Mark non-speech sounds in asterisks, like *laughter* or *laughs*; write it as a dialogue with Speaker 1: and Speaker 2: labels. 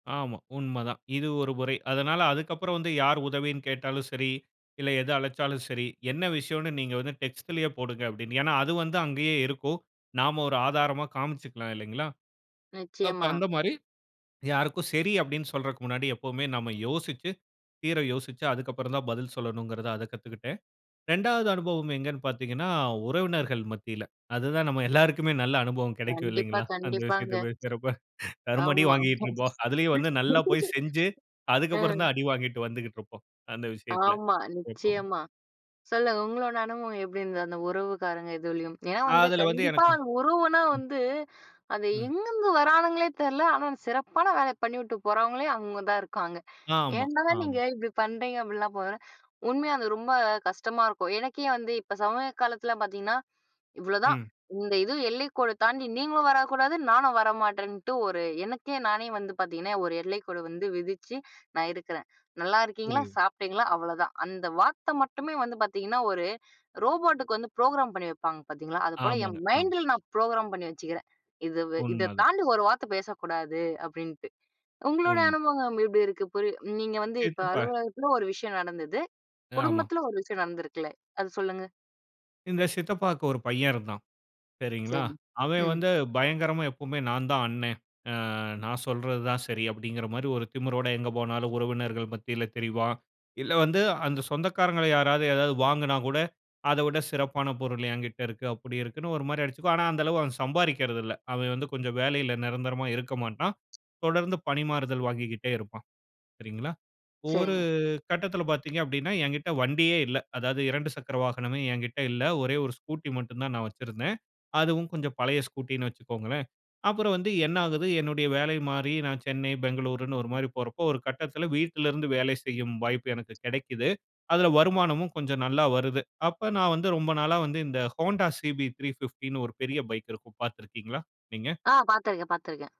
Speaker 1: ஆமா. உண்ம தான். இது ஒரு முறை. அதனால அதுக்கப்புறம் வந்து யார் உதவின்னு கேட்டாலும் சரி இல்ல, எது அழைச்சாலும் சரி, என்ன விஷயம்ன்னு நீங்க வந்து டெக்ஸ்ட்லேயே போடுங்க அப்படின்னு, ஏன்னா அது வந்து அங்கேயே இருக்கும். நாம் ஒரு ஆதாரமா காமிச்சிக்கலாம் இல்லங்களா. அப்போ,
Speaker 2: நிச்சயமா.
Speaker 1: அந்த மாதிரி யாருக்கும் சரி அப்படின்னு சொல்றதுக்கு முன்னாடி எப்போதுமே நாம் யோசிச்சி, தீர யோசிச்சி அதுக்கப்புறம் தான் பதில் சொல்லணும்ங்குறத அத கத்துக்கிட்டேன். 2வது அனுபவம் எங்கன்னு பாத்தீங்கன்னா, உறவினர்கள் மத்தியில அது தான் நம்ம எல்லோருக்குமே நல்ல அனுபவம் கிடைக்கும்
Speaker 2: கண்டிப்பா,
Speaker 1: இல்லைங்களா? அந்த
Speaker 2: கண்டிப்பாங்க.
Speaker 1: விஷயத்த பேசுறப தரும அடி
Speaker 2: ஆமா.
Speaker 1: வாங்கிக்ட்டு இருப்போம். அதிலேயும் வந்து நல்லா போய்
Speaker 2: *laughs*
Speaker 1: செஞ்சி அதற்கு
Speaker 2: அ.
Speaker 1: அப்புறம் தான் அடி வாங்கி வந்துகிட்டு இருப்போம். அந்த விஷயத்தில
Speaker 2: ஆமா.
Speaker 1: எப்பவும்.
Speaker 2: நிச்சயமா. சொல்லுங்க உங்களோட அனுபவம் எப்படி இருந்தது? அந்த உறவுக்காரங்க இதுலயும் ஏன்னா வந்து
Speaker 1: அதில வந்து
Speaker 2: கண்டிப்பா
Speaker 1: எனக்கு,
Speaker 2: உறவுனா
Speaker 1: ம்.
Speaker 2: வந்து அது
Speaker 1: ம்.
Speaker 2: எங்கேந்து வரானுங்களே தெரில. ஆனா, சிறப்பான வேலை பண்ணிட்டு போறவங்களே, அங்க தான் இருக்காங்க.
Speaker 1: ஆமா,
Speaker 2: ஏன்டா நீங்க
Speaker 1: ஆமா.
Speaker 2: இப்படி பண்ணுறீங்க. அப்படிலாம் போ உண்மையா அது ரொம்ப கஷ்டமா இருக்கும். எனக்கே வந்து இப்ப சமய காலத்தில பாத்தீங்கன்னா இவ்ளோதான்
Speaker 1: ம்.
Speaker 2: இந்த இது எல்லைக்கோடு தாண்டி நீங்களும் வரக்கூடாது. நானும் வர மாட்டேன்ட்டு. ஒரு எனக்கே நானே வந்து பாத்தீங்கன்னா ஒரு எல்லைக்கோடு வந்து விதிச்சு நான் இருக்கறேன். "நல்லா இருக்கீங்களா,
Speaker 1: புரியுது.
Speaker 2: சாப்பிட்டீங்களா?" அவ்ளோதான். அந்த வார்த்தை மட்டுமே வந்து பாத்தீங்கன்னா ஒரு ரோபோட்டுக்கு வந்து ப்ரோகிராம் பண்ணி வைப்பாங்க பாத்தீங்களா? அது போல என்
Speaker 1: ஆமாங்க. ஆமா.
Speaker 2: மைண்டுல நான் ப்ரோகிராம் பண்ணி வச்சுக்கிறேன். இது இத
Speaker 1: உண்மதான்.
Speaker 2: தாண்டி ஒரு வார்த்த பேசக்கூடாது. அப்படின்ட்டு உங்களோட
Speaker 1: உன்
Speaker 2: அனுபவம் இப்படி இருக்கு. புரிய நீங்க வந்து இப்போ
Speaker 1: சித்தப்பா.
Speaker 2: அலுவலகத்தில ஒரு விஷயம் நடந்தது
Speaker 1: ஆமா.
Speaker 2: குடும்பத்தில ஒரு விஷயம் நடந்திருக்குல்ல. அத சொல்லுங்க.
Speaker 1: இந்த சித்தப்பாவுக்கு ஒரு பையன் இருந்தான். சரிங்களா,
Speaker 2: சரி,
Speaker 1: அவன்
Speaker 2: ம்.
Speaker 1: வந்து பயங்கரமா எப்போவுமே நான் தான் அண்ணன். அ நான் சொல்றது தான் சரி அப்படிங்குற மாதிரி ஒரு திமிரோடு எங்கு போனாலும் உறவினர்கள் மத்தியில தெரிவான். இல்ல வந்து அந்த சொந்தக்காரர்களை யாராவது ஏதாவது வாங்குனா கூட அத விட சிறப்பான பொருள் என்கிட்ட இருக்கு. அப்படி இருக்குன்னு ஒரு மாதிரி அடிச்சிக்குவான். ஆனா, அந்த அளவு சம்பாரிக்குறதுல்ல. அவன் வந்து கொஞ்சம் வேலையில நிரந்தரமா இருக்க மாட்டான். தொடர்ந்து பணிமாறுதல் வாங்கிக்கிட்டே இருப்பான். சரிங்களா. ஒரு
Speaker 2: சரிங்க.
Speaker 1: கட்டத்தில பாத்தீங்க அப்படின்னா, என்கிட்ட வண்டியே இல்ல. அதாவது 2 சக்கர வாகனமே என்கிட்ட இல்ல. ஒரே ஒரு ஸ்கூட்டி மட்டும் தான் நான் வச்சிருந்தேன். அதுவும் கொஞ்சம் பழைய ஸ்கூட்டின்னு வச்சிக்கொள்ளுங்களேன். அப்புறம் வந்து என்ன ஆகுது என்னுடைய வேலை மாறி நான் சென்னை, பெங்களூருன்னு ஒரு மாதிரி போறப்போ ஒரு கட்டத்தில வீட்லிருந்து வேலை செய்யும் வாய்ப்பு எனக்கு கிடைக்குது. அதில வருமானமும் கொஞ்சம் நல்லா வருது. அப்போ நான் வந்து ரொம்ப நாளா வந்து இந்த ஹோண்டா CB 350ன்னு ஒரு பெரிய பைக் இருக்கும் பாத்திருக்கீங்களா நீங்க?
Speaker 2: ஆ பாத்திருக்கேன், பாத்திருக்கேன்.